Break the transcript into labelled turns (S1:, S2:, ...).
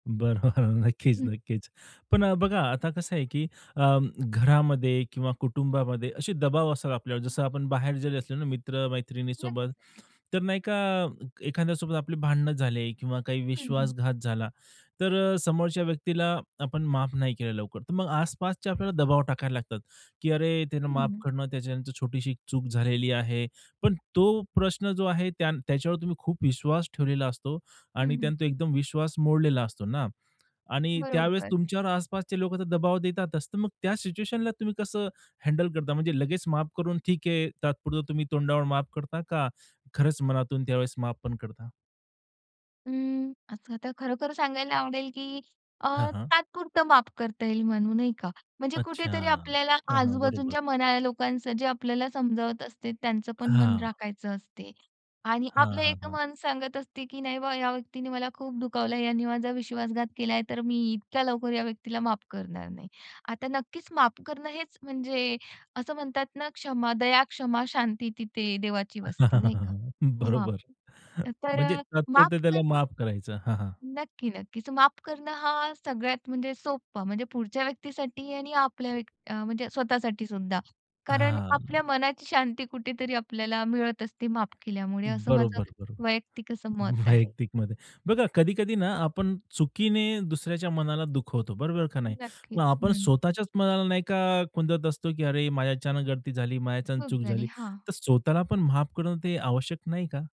S1: बरोबर, नक्कीच,
S2: हं.
S1: नक्कीच. पण अ, बघा, आता कसं आहे, की अं, घरामध्ये किंवा कुटुंबामध्ये असे दबाव असतात आपल्यावर, जसं आपण बाहेर जरी असले ना मित्र मैत्रिणीसोबत,
S2: नक्कीच, नक्कीच.
S1: तर नाही का एखाद्यासोबत आपली भांडण झाले किंवा काही
S2: हं, हं.
S1: विश्वासघात झाला, तर अ, समोरच्या व्यक्तीला आपण माफ नाही केलं लवकर, तर मग आसपासच्या आपल्याला दबाव टाकायला लागतात, की "अरे, त्यांना माफ
S2: हं.
S1: कर ना, त्याच्यानं तर छोटीशी एक चूक झालेली आहे." पण तो प्रश्न जो आहे, त्यां त्याच्यावर तुम्ही खूप विश्वास ठेवलेला असतो
S2: हं,
S1: आणि
S2: हं.
S1: त्यानं तो एकदम विश्वास मोडलेला असतो ना आणि त्यावेळेस
S2: बरोबर.
S1: तुमच्यावर आसपासचे लोकं तर दबाव देतातच, तर मग त्या सिच्युएशनला तुम्ही कसं हँडल करता? म्हणजे लगेच माफ करून ठीक आहे तात्पुरता तुम्ही तोंडावर माफ करता, का खरंच मनातून त्यावेळेस माफ पण करता?
S2: अं, असं तर खरोखर सांगायला आवडेल, की अ,
S1: हां, हां.
S2: तात्पुरतं माफ करता येईल म्हणू, नाही का? म्हणजे
S1: अच्छा,
S2: कुठेतरी आपल्याला
S1: हां, हां. बरोबर.
S2: आजूबाजूंच्या मनाला, लोकांचं जे आपल्याला समजावत असते, त्यांचं पण मन
S1: हां.
S2: राखायचं असते आणि
S1: हां,
S2: आपलं
S1: हां,
S2: एक
S1: हां.
S2: मन सांगत असते, की "नाही बुवा, या व्यक्तीनी मला खूप दुखावलं, यानी माझा विश्वासघात केलाय, तर मी इतक्या लवकर या व्यक्तीला माफ करणार नाही." आता नक्कीच, माफ करणं हेच म्हणजे असं म्हणतात ना, "क्षमा, दया, क्षमा, शांती, तिथे देवाची वस्ती," नाही का? हां,
S1: बरोबर.
S2: अ, तर
S1: म्हणजे
S2: अ, माफ
S1: तात्पुरता त्याला
S2: करणं
S1: माफ करायचं. हां, हां.
S2: नक्की, नक्कीच. माफ करणं हा सगळ्यात म्हणजे सोपं. म्हणजे पुढच्या व्यक्तीसाठी आणि आपल्या व्यक अ, म्हणजे स्वतःसाठी सुद्धा. कारण आपल्या
S1: हां.
S2: मनाची शांती कुठेतरी आपल्याला मिळत असते माफ केल्यामुळे, असं माझं
S1: बरोबर, बरोबर.
S2: वैयक्तिक असं मत आहे.
S1: वैयक्तिक मध्ये. बघा, कधी-कधी ना आपण चुकीने दुसऱ्याच्या मनाला दुखवतो, बरोबर का नाही? मग
S2: नक्कीच,
S1: आपण
S2: हं.
S1: स्वतःच्याच मनाला नाही का खुंदत असतो, की अरे माझ्याच्यानं गलती झाली माझ्याच्यानं
S2: चूक
S1: चूक
S2: झाली,
S1: झाली,
S2: हां.
S1: तर स्वतःला पण माफ करणं ते आवश्यक नाही का?